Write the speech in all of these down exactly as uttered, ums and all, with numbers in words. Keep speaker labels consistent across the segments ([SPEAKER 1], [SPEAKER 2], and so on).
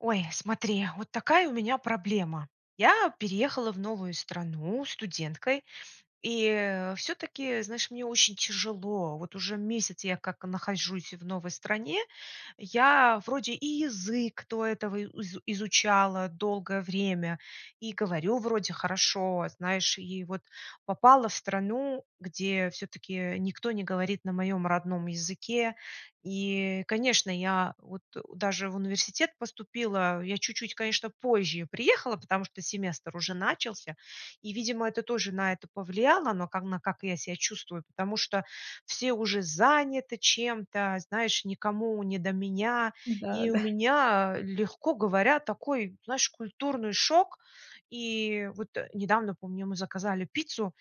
[SPEAKER 1] Ой, смотри, вот такая у меня проблема. Я переехала в новую страну студенткой, и всё-таки, знаешь, мне очень тяжело. Вот уже месяц я как нахожусь в новой стране, я вроде и язык до этого и изу изучала долгое время, и говорю вроде хорошо, знаешь, и вот попала в страну, где всё-таки никто не говорит на моем родном языке. И, конечно, я вот даже в университет поступила. Я чуть-чуть, конечно, позже приехала, потому что семестр уже начался, и, видимо, это тоже на это повлияло, но ка на как я ся чувствую, потому что все уже заняты чем-то, знаешь, никому не до меня.
[SPEAKER 2] Да,
[SPEAKER 1] И у
[SPEAKER 2] да.
[SPEAKER 1] меня, легко говоря, такой, знаешь, культурный шок. И вот недавно, помню, мы заказали пиццу,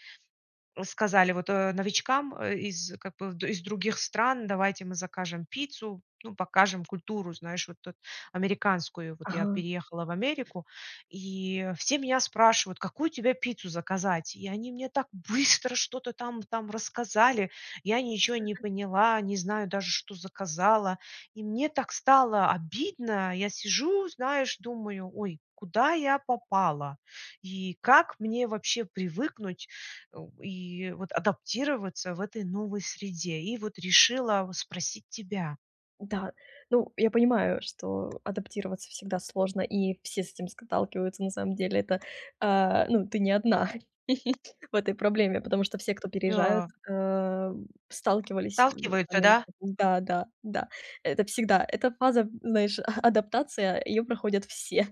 [SPEAKER 1] м, сказали, вот, э, новичкам, э, из, как бы, в из других стран: "Давайте мы закажем пиццу, ну, покажем культуру, знаешь, вот эт американскую". Вот я
[SPEAKER 2] Ага.
[SPEAKER 1] переехала в Америку, и все меня спрашивают: "Какую тебе пиццу заказать?" И они мне так быстро что-то там там рассказали, я
[SPEAKER 2] И
[SPEAKER 1] ничё
[SPEAKER 2] что
[SPEAKER 1] не
[SPEAKER 2] ты?
[SPEAKER 1] поняла, не знаю даже, что заказала. И мне так стало обидно, я сижу, знаешь, думаю: ой, куда я попала? И как мне вообще привыкнуть, о, и вот адаптироваться в этой новой среде? И вот решила в спросить тебя.
[SPEAKER 2] Да, ну, я понимаю, что адаптироваться всегда сложно, и все с этим сталкиваются. На самом деле, это, э, ну, ты не одна в этой проблеме, потому
[SPEAKER 1] М,
[SPEAKER 2] что все, кто переезжают,
[SPEAKER 1] да.
[SPEAKER 2] э, сталкивались в
[SPEAKER 1] Сталкиваются,
[SPEAKER 2] Америке
[SPEAKER 1] да?
[SPEAKER 2] Да-да, да, это всегда. Эта фаза, знаешь, а адаптация- ее проходят все.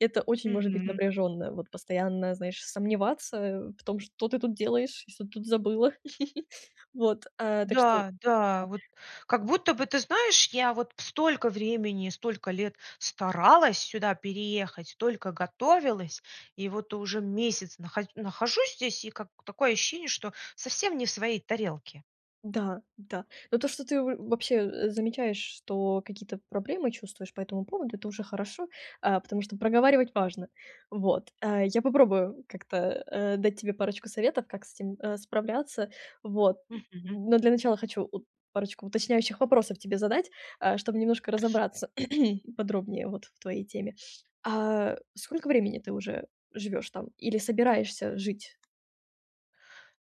[SPEAKER 2] Это очень может быть
[SPEAKER 1] Мгм.
[SPEAKER 2] напряженное, вот, постоянно, знаешь, сомневаться в том, что ты тут делаешь, и что ты тут забыла. Вот, э, так что
[SPEAKER 1] Да, да,
[SPEAKER 2] Да.
[SPEAKER 1] вот, как будто бы, ты знаешь, я вот столько времени, столько лет старалась сюда переехать, столько готовилась, и вот уже месяц наха нахожусь здесь, и как такое ощущение, что совсем не в своей тарелке.
[SPEAKER 2] Да, да. Но то, что ты в вообще замечаешь, что какие-то проблемы, чувствуешь по этому поводу- это уже хорошо, э, потому что проговаривать важно. Вот. Э, я попробую как-то, э, дать тебе парочку советов, как с этим, э, справляться, вот.
[SPEAKER 1] Мгм.
[SPEAKER 2] Но для начала хочу ут парочку уточняющих вопросов тебе задать, э, чтоб немножко
[SPEAKER 1] Хорошо.
[SPEAKER 2] разобраться подробнее, вот, в твоей теме. А, сколько времени ты уже живешь там, или собираешься жить?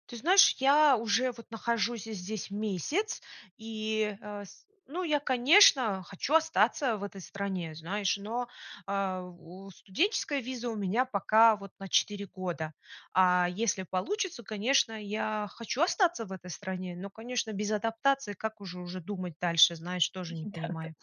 [SPEAKER 1] Ты знаешь, я уже, вот, нахожусь здесь месяц, и, э, с ну, я, конечно, хочу остаться в этой стране, знаешь, но, э, о, студенческая виза у меня пока вот на четыре года, а если получится, конечно, я хочу остаться в этой стране, но, конечно, без адаптации как уже уже думать дальше, знаешь, тоже не
[SPEAKER 2] Да-да.
[SPEAKER 1] понимаю.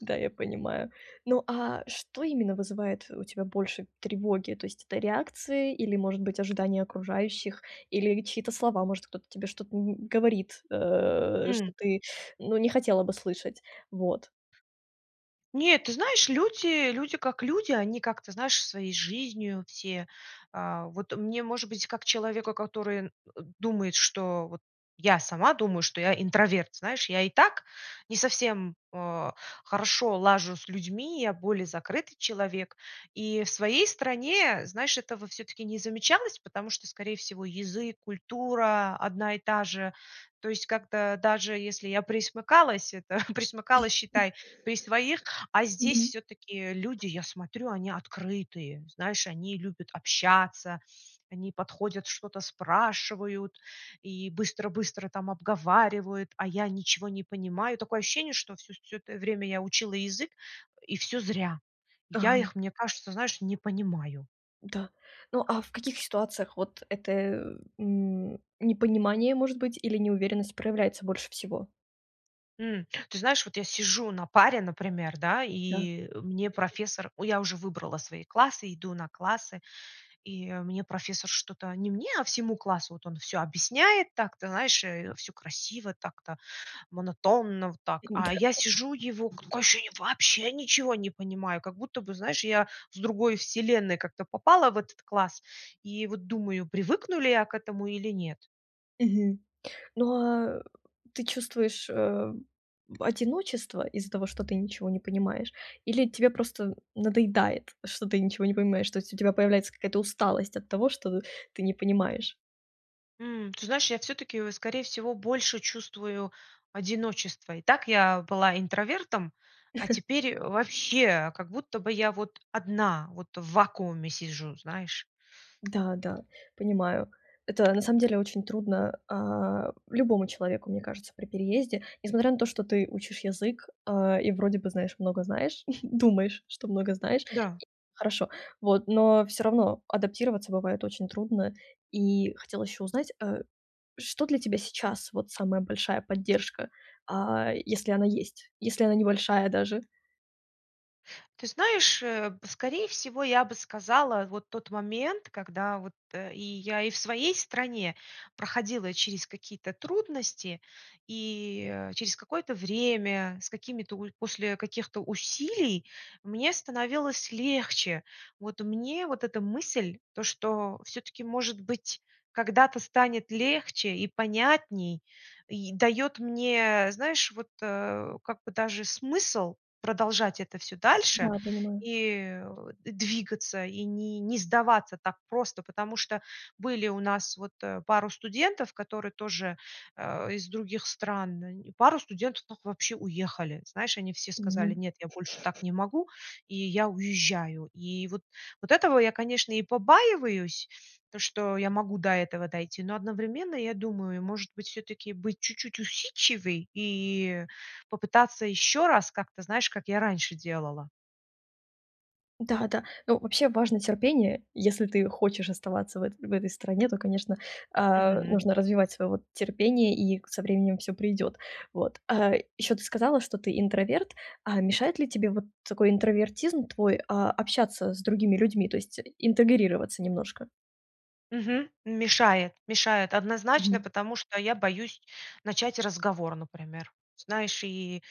[SPEAKER 2] Да, я понимаю. Ну а что именно вызывает у тебя больше тревоги? То есть это реакции или, может быть, ожидания окружающих, или чьи-то слова? Может, кто-то тебе что-то н говорит, э, что
[SPEAKER 1] М.
[SPEAKER 2] ты, ну, не хотела бы слышать? Вот.
[SPEAKER 1] Нет, ты знаешь, люди люди, как люди, они как-то, знаешь, своей жизнью все, э. Вот мне, может быть, как человеку, который, э, думает, что вот я сама думаю, что я интроверт, знаешь, я и так не совсем, э, хорошо лажу с людьми, я более закрытый человек. И в своей стране, знаешь, этого всё-таки не замечалось, потому что, скорее всего, язык, культура одна и та же. То есть как-то даже если я пресмыкалась, это пресмыкалась, считай, при своих, а здесь
[SPEAKER 2] Мгм.
[SPEAKER 1] всё-таки люди, я смотрю, они открытые. Знаешь, они любят общаться, они подходят, что-то спрашивают и быстро-быстро там обговаривают, а я ничего не понимаю. Такое ощущение, что всё всё это время я учила язык, э, и всё зря. Я
[SPEAKER 2] Ага.
[SPEAKER 1] их, мне кажется, знаешь, не понимаю.
[SPEAKER 2] Да. Ну, а в каких ситуациях вот это, э, м, непонимание, может быть, или неуверенность, проявляется больше всего?
[SPEAKER 1] М, ты знаешь, вот я сижу на паре, например, да,
[SPEAKER 2] Да.
[SPEAKER 1] и, э, мне профессор у, я уже выбрала свои классы, иду на классы, и мне профессор что-то- не мне, а всему классу- вот он всё объясняет так-то, знаешь, э, всё красиво так-то, монотонно вот так, а
[SPEAKER 2] Н-да.
[SPEAKER 1] я сижу его, такое ощущение, вообще ничего не понимаю! Как будто бы, знаешь, я с другой вселенной как-то попала в этот класс и, вот, думаю: привыкну ли я к этому или нет.
[SPEAKER 2] Мгм. Но а ты чувствуешь, э, одиночество из-за того, что ты ничего не понимаешь? Или тебе просто надоедает, что ты ничего не понимаешь? То есть у тебя появляется какая-то усталость от того, что ты не понимаешь?
[SPEAKER 1] М, ты знаешь, я, всё-таки, э, скорее всего, больше чувствую одиночество. И так я была интровертом, а теперь, э, вообще, как будто бы я вот одна, вот в вакууме сижу, знаешь.
[SPEAKER 2] Да, да, понимаю. Это, на самом деле, очень трудно, а, любому человеку, мне кажется, при переезде. Несмотря на то, что ты учишь язык, э, и вроде бы, знаешь, много знаешь- думаешь, что много знаешь.
[SPEAKER 1] Да.
[SPEAKER 2] Хорошо, вот, но всё равно адаптироваться бывает очень трудно. И хотела ещё узнать, э, что для тебя сейчас, вот, самая большая поддержка, а, если она есть? Если она небольшая даже?
[SPEAKER 1] Ты знаешь, э, б скорее всего, я бы сказала, вот тот момент, когда вот, э и я и в своей стране проходила через какие-то трудности и, э, через какое-то время, с какими-то уль после каких-то усилий мне становилось легче. Вот мне вот эта мысль, то, что всё-таки, может быть, когда-то станет легче и понятней, и даёт мне, знаешь, вот, э, как бы даже смысл продолжать это всё дальше,
[SPEAKER 2] Да, понимаю.
[SPEAKER 1] и, э, о двигаться, и не не сдаваться так просто, потому что были у нас вот, э, пару студентов, которые тоже, э, из других стран они, и пару студентов так вообще уехали. Знаешь, они все сказали:
[SPEAKER 2] Мгм.
[SPEAKER 1] "Нет, я больше так не могу и я уезжаю". И вот, вот этого я, конечно, и побаиваюсь- то, что я могу до этого дойти, но одновременно я думаю: может быть, всё-таки быть чуть-чуть усидчивей и попытаться ещё раз как-то, знаешь, как я раньше делала?
[SPEAKER 2] Да-да. Ну, вообще важно терпение. Если ты хочешь оставаться в это в этой стране, то, конечно, а,
[SPEAKER 1] Мгм.
[SPEAKER 2] нужно развивать своё вот терпение, и со временем всё придет. Вот. А ещё ты сказала, что ты интроверт. А мешает ли тебе вот такой интровертизм твой, а, общаться с другими людьми, то есть и интегрироваться немножко?
[SPEAKER 1] Мгм. Мешает, мешает однозначно,
[SPEAKER 2] Мгм.
[SPEAKER 1] потому что я боюсь начать разговор, например. Знаешь, и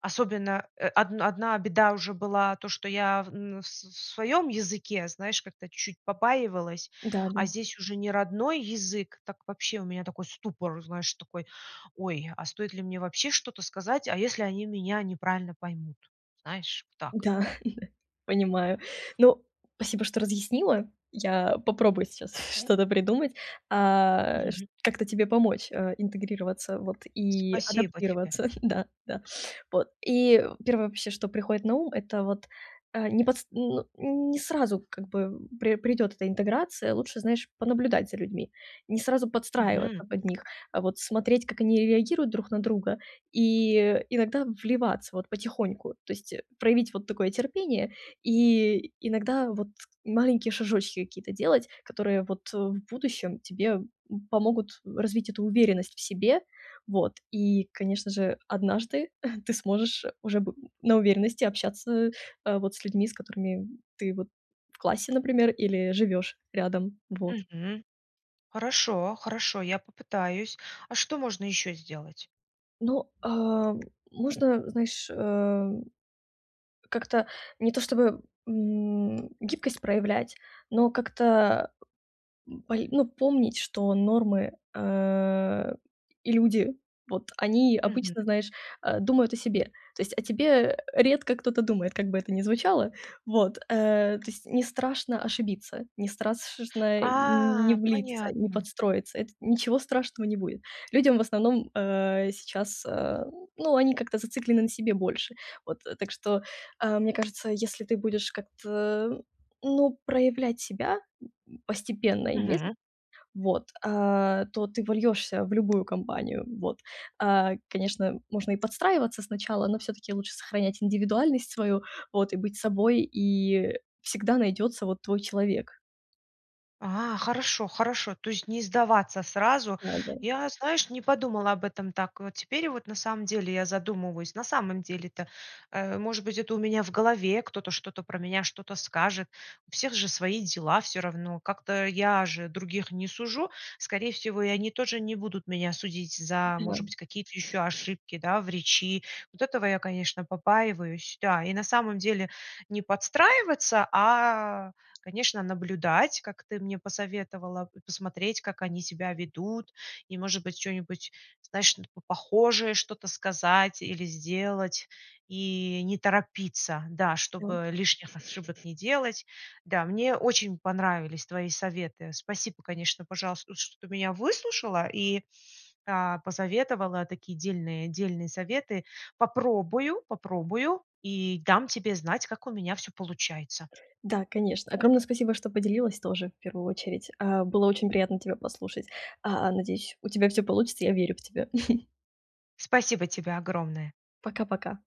[SPEAKER 1] особенно, э, одн одна беда уже была то, что я в н с с своём языке, знаешь, как-то чуть побаивалась, а
[SPEAKER 2] Да-да.
[SPEAKER 1] здесь уже не родной язык, так вообще у меня такой ступор, знаешь, такой: ой, а стоит ли мне вообще что-то сказать? А если они меня неправильно поймут? Знаешь, так.
[SPEAKER 2] Да-да, понимаю. Ну, спасибо, что разъяснила. Я попробую сейчас что-то придумать, а, чт
[SPEAKER 1] Мгм.
[SPEAKER 2] как-то тебе помочь, а, интегрироваться вот и
[SPEAKER 1] Супасибо тебе.
[SPEAKER 2] адаптироваться, да, да. Вот, и первое вообще, что приходит на ум, это вот, э, не подс ну не сразу, как бы, пре придёт эта интеграция. Лучше, знаешь, понаблюдать за людьми, Не сразу подстраиваться
[SPEAKER 1] Мгм.
[SPEAKER 2] под них, а, вот смотреть, как они реагируют друг на друга, и иногда в вливаться вот потихоньку. То есть проявить вот такое терпение и иногда вот маленькие шажочки какие-то делать, которые вот, э, в будущем тебе, м, помогут развить эту уверенность в себе. Вот. И, конечно же, однажды ты сможешь уже б на уверенности общаться, э, вот с людьми, с которыми ты вот в классе, например, или живёшь рядом. Вот.
[SPEAKER 1] Мгм. Хорошо, хорошо, я попытаюсь. А что можно ещё сделать?
[SPEAKER 2] Ну, а, м, можно, знаешь, а, как-то, не то чтобы, м, гибкость проявлять, но как-то, м, поли ну, помнить, что нормы, э, и люди- вот они
[SPEAKER 1] Мгм.
[SPEAKER 2] обычно, знаешь, а, думают о себе. То есть о тебе редко кто-то думает, как бы это ни звучало. Вот. Э, то есть не страшно ошибиться, не страс шно, э, н не
[SPEAKER 1] А,
[SPEAKER 2] влиться, не
[SPEAKER 1] понятно.
[SPEAKER 2] подстроиться. Это ничего страшного не будет. Людям в основном, э, сейчас, а ну, они как-то зациклены на себе больше. Вот. Так что, а, мне кажется, если ты будешь как-то, ну, проявлять себя, м, постепенно и медле
[SPEAKER 1] Мгм.
[SPEAKER 2] вот, а, то ты вольёшься в любую компанию, вот. А, конечно, можно и подстраиваться сначала, но всё-таки лучше сохранять индивидуальность свою вот и быть собой, и, э, всегда найдётся вот твой человек.
[SPEAKER 1] А, хорошо, хорошо. То есть не сдаваться сразу.
[SPEAKER 2] Да, да.
[SPEAKER 1] Я, знаешь, не подумала об этом так вот. Теперь вот на самом деле я задумываюсь. На самом деле-то, э, может быть, это у меня в голове кто-то что-то про меня что-то скажет, у всех же свои дела всё равно, как-то я же других не сужу, скорее всего, и они тоже не будут меня судить за,
[SPEAKER 2] Да,
[SPEAKER 1] может
[SPEAKER 2] м.
[SPEAKER 1] быть, какие-то ещё ошибки, да, в речи. Вот этого я, конечно, побаиваюсь. Да, и на самом деле не подстраиваться, а, конечно, наблюдать, как ты мне посоветовала, п посмотреть, как они себя ведут, и, может быть, чё-нибудь, знаешь, ну по похожее что-то сказать или сделать и не торопиться, да,
[SPEAKER 2] Да.
[SPEAKER 1] чтобы, э, лишних ошибок не делать. Да, мне очень понравились твои советы. Спасибо, конечно, пожалуйс чт что ты меня выслушала и, а, посоветовала такие дельные, дельные советы. Попробую, попробую и дам тебе знать, как у меня всё получается.
[SPEAKER 2] Да, конечно. Огромное спасибо, что поделилась тоже в первую очередь. А, было очень приятно тебя послушать. А, надеюсь, у тебя всё получится, я верю в тебя.
[SPEAKER 1] Спасибо тебе огромное.
[SPEAKER 2] Пока-пока.